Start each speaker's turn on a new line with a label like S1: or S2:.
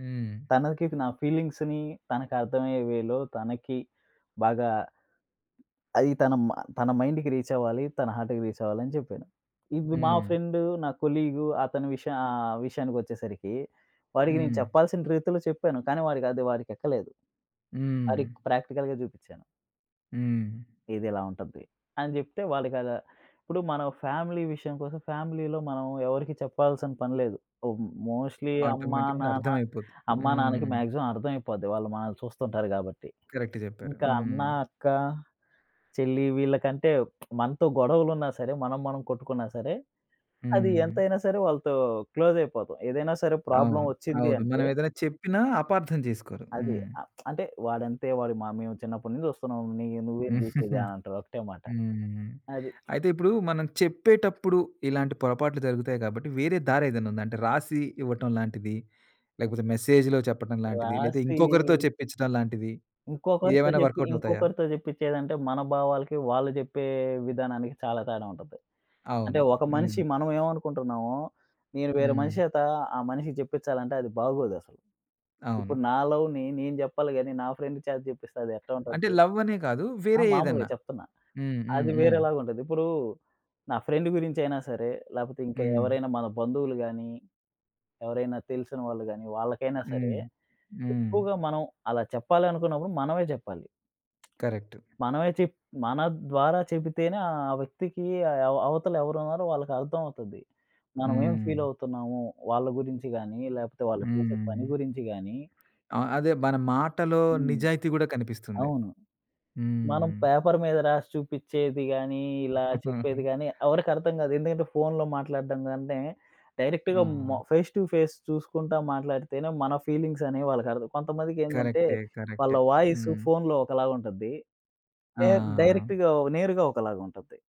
S1: హ్మ్.
S2: తనకి నా ఫీలింగ్స్‌ని, తనకి అర్థమయ్యే వేలో తనకి బాగా అది తన మ తన మైండ్‌కి రీచ్ అవ్వాలి. తన హార్ట్‌కి రీచ్ అవ్వాలని జేప్పాను. ఇవ్వి మా
S1: హ్మ్.
S2: ఫ్రెండు నా కొలీగ్ అతని విష ఆహ్, విషయానికొచ్చేసరికి వాడికి నేను
S1: హ్మ్.
S2: చెప్పాల్సిన రీతిలో చెప్పాను. కానీ వాడికది వాడికెక్కలేదు. ఆడికి
S1: హ్మ్.
S2: ప్రాక్టికల్‌గా చూపించాను.
S1: హ్మ్.
S2: ఇదిలా ఉంటది, అని జేప్తే వాళ్ళకద ఇప్పుడు మనం ఫ్యామిలీ విషయం కోసం ఫ్యామిలీలో మనం ఎవరికీ చెప్పాల్సిన పని లేదు. మ్ మోస్ట్‌లీ అమ్మ
S1: ఆటోమేటిక్‌గా
S2: నాన్న,
S1: అర్థం అయిపోతుంది.
S2: అమ్మ నాన్నకి
S1: హ్మ్.
S2: మాక్సిమం అర్థం అయిపోద్ది వాళ్ళు మనల్ని చూస్తుంటారు కాబట్టి.
S1: కరెక్ట్ జేప్పారు.
S2: ఇంకా అన్న,
S1: హ్మ్.
S2: అక్క, చెల్లి వీళ్ళకంటే మనతో గొడవలు ఉన్నా సరే మనం, మనం కొట్టుకున్నా సరే, అది
S1: హ్మ్.
S2: ఎంతైనా సరే వాళ్ళతో క్లోజ్ అయిపోతాం ఏదైనా సరే ప్రాబ్లమ్
S1: అవును.
S2: వచ్చింది
S1: అవును.
S2: అంటే
S1: మనం ఏదైనా చెప్పినా అపార్థం చేసుకోరు.
S2: అది.
S1: హ్మ్.
S2: అ! అంటే, "వాడంతే. వాడి మ మేము చిన్నప్పటి నుంచి జుస్తున్నాం ని నువ్వేంది చూసేది?" అనంటారు ఒకటే మాట.
S1: హ్మ్.
S2: అది.
S1: అయితే ఇప్పుడు మనం చెప్పేటప్పుడు ఇలాంటి పొరపాట్లు జరుగుతాయి గాబట్టి, వేరే దారేదైనా ఉందా? అంటే రాసి ఇవ్వటం లాంటిది? లేకపోతే మెసేజ్‌లో చెప్పడం లాంటిది? లేదా
S2: రాసి
S1: ఇంకొకరితో చెప్పించడం లాంటిది?
S2: ఇంకొకరితో
S1: ఇయేమైనా
S2: జేప్పి,
S1: వర్క్‌అవుట్ అవుతాయా?
S2: ఇంకొకరితో జేప్పించేదంటే మన భావాలకి, వాళ్ళు జేప్పే విధానానికి చాలా తేడా ఉంటది. అంటే
S1: అవును.
S2: ఒక మనిషి
S1: హ్మ్.
S2: మనం ఏమనుకుంటున్నామో, నేను వేరే
S1: హ్మ్.
S2: మనిషేత, ఆ మనిషికి జేప్పించాలంటే అది బాగోదసలు.
S1: అవును.
S2: ఇప్పుడు నా లవ్‌ని నేను జేప్పాలి గాని, నా ఫ్రెండ్ చేత చెప్పిస్తే అదెట్టా
S1: అంటే
S2: ఉంటది?
S1: లవ్ అనే కాదు,
S2: ఆ!
S1: వేరే
S2: మామూలుగా
S1: ఏదన్నా.
S2: చెప్తున్నా.
S1: హ్మ్, హ్మ్,
S2: అది
S1: హ్మ్.
S2: వేరేలాగుంటది. ఇప్పుడు నా ఫ్రెండ్ గురించి అయినా సరే, లేపోతే ఇంకా
S1: హ్మ్.
S2: ఎవరైనా మన బంధువులు గాని, ఎవరైనా తెలిసిన వాళ్ళు గాని వాళ్ళకైనా సరే
S1: హ్మ్. హ్మ్.
S2: ఎక్కువగా మనం అలా చెప్పాలనుకున్నప్పుడు మనమే జేప్పాలి.
S1: కరెక్ట్.
S2: మనమే చెప్ మన ద్వారా చెబితేనే ఆ వ్యక్తికి అవ అవతల ఎవరున్నారో వాళ్ళకి అర్థం అవుతది. మనం ఏం ఫీల్
S1: హ్మ్.
S2: అవుతున్నాము? వాళ్ళ గురించి గాని, లేపోతే వాళ్ళు చేసే
S1: హ్మ్.
S2: పని గురించి గాని
S1: ఆ! అదే మన మాటలో
S2: హ్మ్.
S1: నిజాయితీ కూడా కనిపిస్తుంది.
S2: అవును. మనం
S1: హ్మ్.
S2: పేపర్ మీద రాసి చూపించేది గానీ ఇలా
S1: హుహు.
S2: చెప్పేది గాని ఎవరికీ అర్థం కాదు. ఎందుకంటే ఫోన్‌లో మాట్లాడడం కంటే, డైరెక్ట్‌గా మ
S1: హ్మ్.
S2: ఫేస్ టు ఫేస్ చూసుకుంటా మాట్లాడితేనే మన ఫీలింగ్స్ అనేవి వాళ్ళకి అర్థం కొంతమందికేందంటే,
S1: కరెక్టే.
S2: వాళ్ళ
S1: కరెక్టే.
S2: వాయిస్
S1: హ్మ్.
S2: ఫోన్‌లో ఒకలాగా ఉంటుంది నే
S1: ఆ!
S2: డైరెక్ట్‌గా నేరుగా ఒకలాగా ఉంటుంది.